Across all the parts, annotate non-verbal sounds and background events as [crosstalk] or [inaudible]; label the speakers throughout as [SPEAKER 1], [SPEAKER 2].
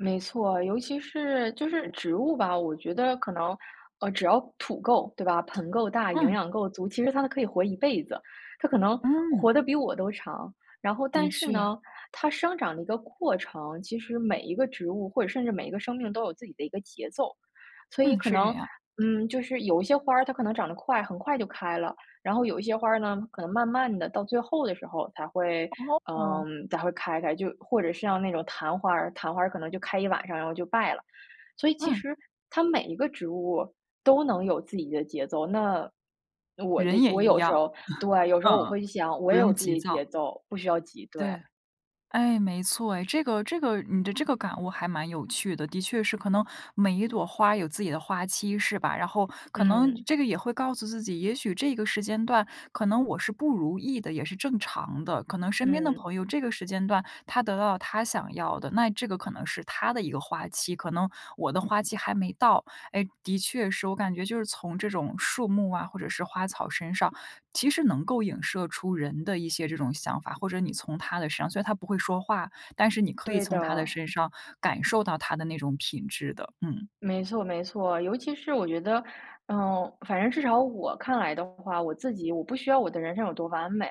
[SPEAKER 1] 没错，尤其是就是植物吧，我觉得可能，呃，只要土够，对吧？盆够大、营
[SPEAKER 2] 嗯。
[SPEAKER 1] 养够足，其实它可以活一辈子，它可能
[SPEAKER 2] 嗯。
[SPEAKER 1] 活得比我都长。然后
[SPEAKER 2] 的
[SPEAKER 1] 但是
[SPEAKER 2] 确。
[SPEAKER 1] 呢，它生长的一个过程，其实每一个植物或者甚至每一个生命都有自己的一个节奏。所以
[SPEAKER 2] 嗯，
[SPEAKER 1] 可
[SPEAKER 2] 是这
[SPEAKER 1] 能，
[SPEAKER 2] 样。
[SPEAKER 1] 嗯，就是有一些花儿，它可能长得快很快就开了。然后有一些花儿呢，可能慢慢地到最后的时候才会，
[SPEAKER 2] 哦。
[SPEAKER 1] 嗯，才会开开。就或者是像那种昙花儿，昙花儿可能就开一晚上然后就败了。所以其
[SPEAKER 2] 嗯。
[SPEAKER 1] 实它每一个植物，都能有自己的节奏。那我的
[SPEAKER 2] 人也
[SPEAKER 1] 我
[SPEAKER 2] 一
[SPEAKER 1] 有时
[SPEAKER 2] 样。
[SPEAKER 1] 候对，
[SPEAKER 2] [laughs]
[SPEAKER 1] 有时候我
[SPEAKER 2] 嗯，
[SPEAKER 1] 会想我
[SPEAKER 2] 不
[SPEAKER 1] 也有
[SPEAKER 2] 用
[SPEAKER 1] 自
[SPEAKER 2] 急
[SPEAKER 1] 己的
[SPEAKER 2] 躁。
[SPEAKER 1] 节奏，不需要急，对。
[SPEAKER 2] 对，哎，没错哎。这个这个你的这个感悟还蛮有趣的，的确是。可能每一朵花有自己的花期，是吧？然后可能
[SPEAKER 1] 嗯。
[SPEAKER 2] 这个也会告诉自己，也许这个时间段，可能我是不如意的，也是正常的。可能身边的
[SPEAKER 1] 嗯。
[SPEAKER 2] 朋友这个时间段，他得到了他想要的。那这个可能是他的一个花期，可能我的花期还没到。哎，的确是，我感觉就是从这种树木啊，或者是花草身上，其实能够影射出人的一些这种想法。或者你从它的身上虽然它不会说话，但是你可以
[SPEAKER 1] 对
[SPEAKER 2] 从它的
[SPEAKER 1] 的。
[SPEAKER 2] 身上感受到它的那种品质的。嗯。
[SPEAKER 1] 没错没错。尤其是我觉得，嗯，反正至少我看来的话，我自己我不需要我的人生有多完美，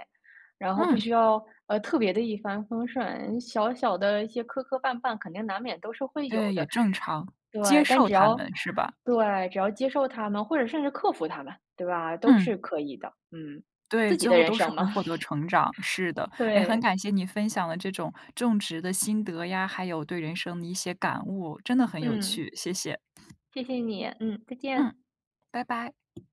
[SPEAKER 1] 然后不
[SPEAKER 2] 嗯。
[SPEAKER 1] 需要，呃，特别地一帆风顺。小小的一些磕磕绊绊，肯定难免都是会有
[SPEAKER 2] 对，也
[SPEAKER 1] 的。
[SPEAKER 2] 正常，接
[SPEAKER 1] 对，但
[SPEAKER 2] 受
[SPEAKER 1] 只
[SPEAKER 2] 它
[SPEAKER 1] 要
[SPEAKER 2] 们，是吧？
[SPEAKER 1] 对，只要接受它们，或者甚至克服它们，对吧？都
[SPEAKER 2] 嗯。
[SPEAKER 1] 是可以的。嗯。
[SPEAKER 2] 对，
[SPEAKER 1] 自己
[SPEAKER 2] 最
[SPEAKER 1] 的
[SPEAKER 2] 后
[SPEAKER 1] 人
[SPEAKER 2] 都是
[SPEAKER 1] 生
[SPEAKER 2] 会
[SPEAKER 1] 嘛。
[SPEAKER 2] 获得
[SPEAKER 1] [laughs]
[SPEAKER 2] 成长，是的。诶，很感
[SPEAKER 1] 对。
[SPEAKER 2] 谢你分享了这种种植的心得呀，还有对人生的一些感悟。真的很有
[SPEAKER 1] 嗯。
[SPEAKER 2] 趣，谢谢。
[SPEAKER 1] 谢谢你，嗯，再
[SPEAKER 2] 嗯，
[SPEAKER 1] 见。
[SPEAKER 2] 拜拜。